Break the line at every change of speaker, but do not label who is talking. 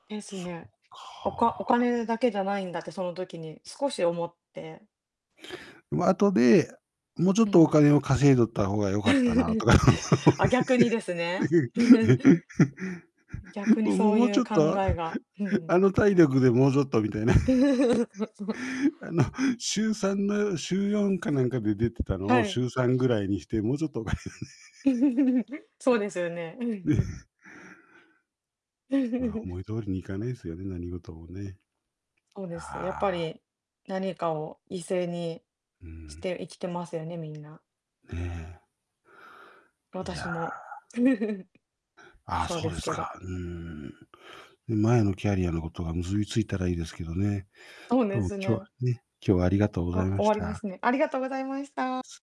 です
そっ
ね。おかお
か。
金だけじゃないんだってその時に少し思って
ま、後で、もうちょっ
うんう
とお
ん。
金を稼いどったほうがよかったなと か。
あ、逆にですね。い 逆に
もも
そう
もう
い
ちょ
う
っ
考
と、
えが、ふうん。
あの体力でもうちょっとみたいな。あの、週3の週4かなんかで出てたの
は
をし
い。
ゅうさんぐらいにして、もうちょっと
そうですよね。うん う
まあ、
ん。
思い通りにいかねすよね、何事もね。
そうです。やっぱ
ああ。
り、何かを犠牲に
う
し
ん。
て生きてますよね、みんな。
ね。い
私
やあ。
も
ああ、
そう
そ
で
うで
す
す
けど。
か。うーん。前のキャリアのことが結びついたらいいですけどね。
そう
ど
で
うも
す
今日は
ね。
ね今日はありがとうござい
あ、
ま
終
し
わりま
た。
すね。ありがとうございました。
す。